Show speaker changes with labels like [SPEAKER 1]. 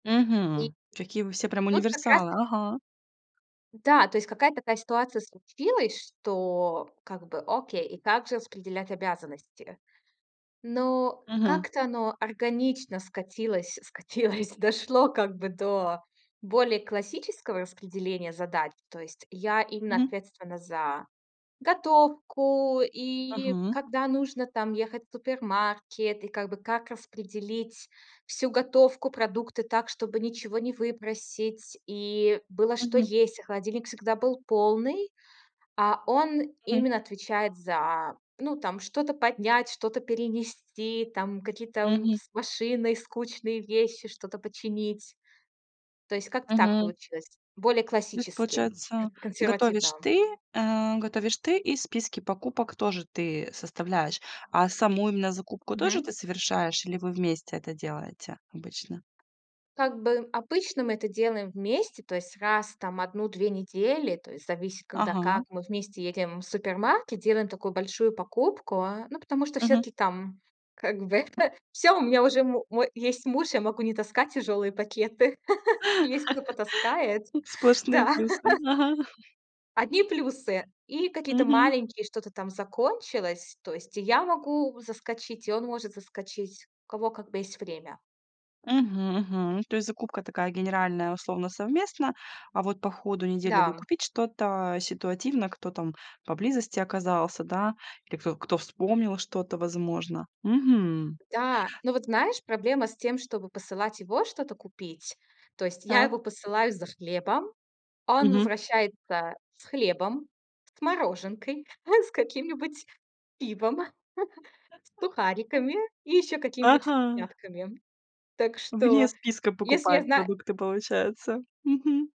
[SPEAKER 1] [unintelligible]
[SPEAKER 2] Мгм. Какие вы все прям
[SPEAKER 1] Тут как раз
[SPEAKER 2] универсалы.
[SPEAKER 1] т
[SPEAKER 2] Ага.
[SPEAKER 1] Да, то есть какая-то такая ситуация случилась, что как бы, окей, и как же распределять обязанности? Ну,
[SPEAKER 2] Мгм.
[SPEAKER 1] как-то оно органично скатилось скатилось, дошло как бы до более классического распределения задач. То есть я именно
[SPEAKER 2] Мгм.
[SPEAKER 1] ответственна за готовку. И
[SPEAKER 2] Мгм.
[SPEAKER 1] когда нужно там ехать в супермаркет, и как бы как распределить всю готовку, продукты так, чтобы ничего не выбросить. И было что
[SPEAKER 2] Мгм.
[SPEAKER 1] есть, и холодильник всегда был полный. А он
[SPEAKER 2] Мгм.
[SPEAKER 1] именно отвечает за, ну, там что-то поднять, что-то перенести, там какие-то, м,
[SPEAKER 2] Мгм.
[SPEAKER 1] с машиной скучные вещи, что-то починить. То есть как-то так
[SPEAKER 2] Мгм.
[SPEAKER 1] получилось. Более
[SPEAKER 2] То есть
[SPEAKER 1] классически,
[SPEAKER 2] получается,
[SPEAKER 1] консервативно.
[SPEAKER 2] готовишь ты. Э, готовишь ты, и списки покупок тоже ты составляешь, а саму именно закупку тоже
[SPEAKER 1] Мгм.
[SPEAKER 2] ты совершаешь или вы вместе это делаете обычно?
[SPEAKER 1] Как бы, обычно мы это делаем вместе. То есть раз там в 1-2 недели, то есть зависит, когда
[SPEAKER 2] Ага.
[SPEAKER 1] как, мы вместе едем в супермаркет, делаем такую большую покупку, э. Ну, потому что
[SPEAKER 2] Мгм.
[SPEAKER 1] всё-таки там, как бы, всё, у меня уже му мо есть муж, я могу не таскать тяжёлые пакеты. Есть, кто потаскает.
[SPEAKER 2] М, сплошные
[SPEAKER 1] Да.
[SPEAKER 2] плюсы, м, ага.
[SPEAKER 1] Одни плюсы. И какие-то
[SPEAKER 2] Мгм.
[SPEAKER 1] маленькие что-то там закончилось. То есть и я могу заскочить, и он может заскочить, у кого, как бы, есть время.
[SPEAKER 2] Мгм, мгм. То есть закупка такая генеральная, условно, совместно, а вот по ходу недели
[SPEAKER 1] Да.
[SPEAKER 2] докупить что-то ситуативно, кто там поблизости оказался, да, или кто кто вспомнил что-то, возможно. Мгм.
[SPEAKER 1] Да. Ну, вот знаешь, проблема с тем, чтобы посылать его что-то купить. То есть я
[SPEAKER 2] Так.
[SPEAKER 1] его посылаю за хлебом. Он
[SPEAKER 2] Мгм.
[SPEAKER 1] возвращается с хлебом, с мороженкой, с каким-нибудь пивом, с сухариками и ещё какими-нибудь
[SPEAKER 2] Ага.
[SPEAKER 1] вкусняшками. Так
[SPEAKER 2] Вне
[SPEAKER 1] что,
[SPEAKER 2] списка
[SPEAKER 1] если я
[SPEAKER 2] покупает
[SPEAKER 1] знаю
[SPEAKER 2] продукты, получается. Мгм.